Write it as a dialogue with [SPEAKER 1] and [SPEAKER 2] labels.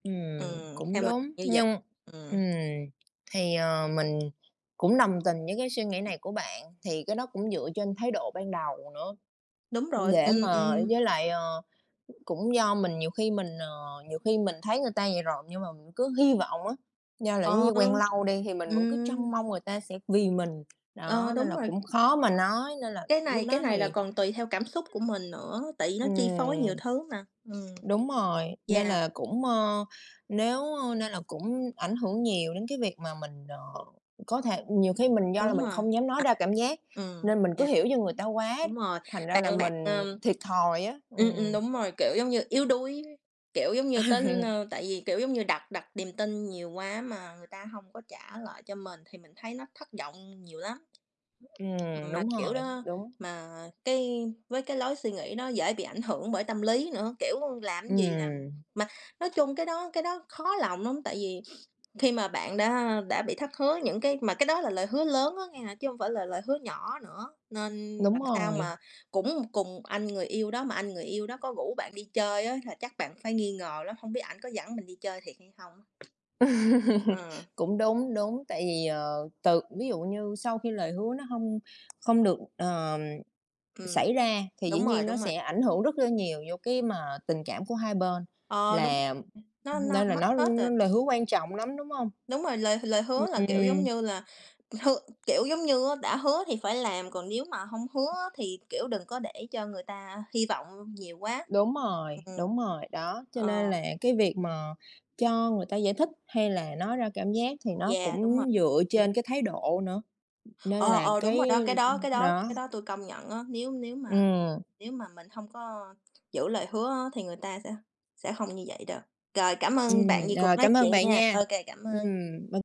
[SPEAKER 1] Ừm,
[SPEAKER 2] Ừm,
[SPEAKER 1] cũng
[SPEAKER 2] theo mình
[SPEAKER 1] đúng.
[SPEAKER 2] như vậy.
[SPEAKER 1] Nhưng
[SPEAKER 2] Ừm.
[SPEAKER 1] ừm, thì, ờ, mình cũng đồng tình với cái suy nghĩ này của bạn. Thì cái đó cũng dựa trên thái độ ban đầu nữa.
[SPEAKER 2] Đúng rồi,
[SPEAKER 1] Để
[SPEAKER 2] ừm,
[SPEAKER 1] mà
[SPEAKER 2] ừm.
[SPEAKER 1] với lại, ờ, cũng do mình nhiều khi mình, ờ, nhiều khi mình thấy người ta vậy rồi nhưng mà mình cứ hy vọng á, do là
[SPEAKER 2] Ờ,
[SPEAKER 1] giống như quen
[SPEAKER 2] ừ.
[SPEAKER 1] lâu đi thì mình vẫn cứ
[SPEAKER 2] Ừm.
[SPEAKER 1] trông mong người ta sẽ vì mình.
[SPEAKER 2] Ờ,
[SPEAKER 1] Đó, nên
[SPEAKER 2] đúng
[SPEAKER 1] là
[SPEAKER 2] rồi.
[SPEAKER 1] cũng khó mà nói nên là
[SPEAKER 2] Cái
[SPEAKER 1] lúc
[SPEAKER 2] này cái
[SPEAKER 1] đó
[SPEAKER 2] này là
[SPEAKER 1] thì
[SPEAKER 2] còn tùy theo cảm xúc của mình nữa, tại vì nó chi phối
[SPEAKER 1] ừm,
[SPEAKER 2] nhiều thứ mà. Ừm.
[SPEAKER 1] đúng rồi. Nên
[SPEAKER 2] Yeah.
[SPEAKER 1] là cũng, ơ, nếu, ơ nên là cũng ảnh hưởng nhiều đến cái việc mà mình, ờ, có thể ừm, nhiều khi mình do là
[SPEAKER 2] Đúng
[SPEAKER 1] mình
[SPEAKER 2] rồi,
[SPEAKER 1] không dám nói
[SPEAKER 2] à.
[SPEAKER 1] ra cảm giác
[SPEAKER 2] Ừm,
[SPEAKER 1] nên mình cứ
[SPEAKER 2] yeah.
[SPEAKER 1] hiểu cho người ta quá,
[SPEAKER 2] Đúng rồi,
[SPEAKER 1] thành ra là
[SPEAKER 2] bạn bạn,
[SPEAKER 1] mình
[SPEAKER 2] ờm,
[SPEAKER 1] thiệt thòi á.
[SPEAKER 2] ừm, ừm,
[SPEAKER 1] Ừm.
[SPEAKER 2] đúng rồi, kiểu, giống như yếu đuối, kiểu giống như tin, ơ tại vì, kiểu, giống như đặt đặt niềm tin nhiều quá mà người ta hông có trả lại cho mình thì mình thấy nó thất vọng nhiều lắm.
[SPEAKER 1] Ừm,
[SPEAKER 2] Ừm, mà
[SPEAKER 1] đúng
[SPEAKER 2] kiểu
[SPEAKER 1] rồi,
[SPEAKER 2] đó
[SPEAKER 1] đúng.
[SPEAKER 2] mà cái với cái lối suy nghĩ đó dễ bị ảnh hưởng bởi tâm lý nữa, kiểu, làm cái gì làm
[SPEAKER 1] Ừm.
[SPEAKER 2] mà nói chung cái đó cái đó khó lòng lắm, tại vì khi mà bạn đã, ơ, đã bị thất hứa những cái mà cái đó là lời hứa lớn á nghe chứ hông phải là lời hứa nhỏ nữa, nên
[SPEAKER 1] Đúng
[SPEAKER 2] làm sao
[SPEAKER 1] rồi.
[SPEAKER 2] mà cũng cùng anh người yêu đó mà anh người yêu đó có rủ bạn đi chơi á thời chắc bạn phải nghi ngờ lắm, hổng biết ảnh có dẫn mình đi chơi thiệt hay không? Ờ.
[SPEAKER 1] Cũng đúng, đúng, tại vì, ờ, từ ví dụ như sau khi lời hứa nó hông không được, ờm,
[SPEAKER 2] Ừm.
[SPEAKER 1] xảy ra thì dĩ
[SPEAKER 2] Đúng rồi,
[SPEAKER 1] nhiên nó
[SPEAKER 2] đúng rồi.
[SPEAKER 1] sẽ ảnh hưởng rất là nhiều vô cái mà tình cảm của hai bên
[SPEAKER 2] Ờ, đúng.
[SPEAKER 1] là
[SPEAKER 2] Nó nó
[SPEAKER 1] nên là
[SPEAKER 2] mất
[SPEAKER 1] nó
[SPEAKER 2] hết
[SPEAKER 1] nó
[SPEAKER 2] rồi.
[SPEAKER 1] lời hứa quan trọng lắm, đúng hông?
[SPEAKER 2] Đúng rồi, lời lời hứa
[SPEAKER 1] Ưm,
[SPEAKER 2] là, kiểu, giống
[SPEAKER 1] ừm.
[SPEAKER 2] như là, ừm, hưa kiểu, giống như á đã hứa thì phải làm, còn nếu mà hông hứa á thì, kiểu, đừng có để cho người ta hy vọng nhiều quá.
[SPEAKER 1] Đúng rồi,
[SPEAKER 2] Ừm.
[SPEAKER 1] đúng rồi. Đó. Cho nên
[SPEAKER 2] Ờ.
[SPEAKER 1] là cái việc mà cho người ta giải thích hay là nói ra cảm giác thì nó
[SPEAKER 2] Yeah, đúng rồi.
[SPEAKER 1] cũng dựa
[SPEAKER 2] Ừm.
[SPEAKER 1] trên cái thái độ nữa, nên
[SPEAKER 2] Ờ,
[SPEAKER 1] là,
[SPEAKER 2] ờ, đúng rồi
[SPEAKER 1] cái,
[SPEAKER 2] đó, cái đó
[SPEAKER 1] ừm,
[SPEAKER 2] cái đó
[SPEAKER 1] nó
[SPEAKER 2] cái đó tôi công nhận á. Nếu nếu mà
[SPEAKER 1] Ừm.
[SPEAKER 2] nếu mà mình hông có, ơ, giữ lời hứa á thì người ta sẽ sẽ hông như vậy đâu. Rồi cảm ơn bạn
[SPEAKER 1] Ừm,
[SPEAKER 2] vì cuộc
[SPEAKER 1] rồi
[SPEAKER 2] nói
[SPEAKER 1] cảm ơn
[SPEAKER 2] chuyện
[SPEAKER 1] bạn
[SPEAKER 2] nha.
[SPEAKER 1] nha.
[SPEAKER 2] Ô kê, cảm
[SPEAKER 1] Ừm,
[SPEAKER 2] ơn.
[SPEAKER 1] b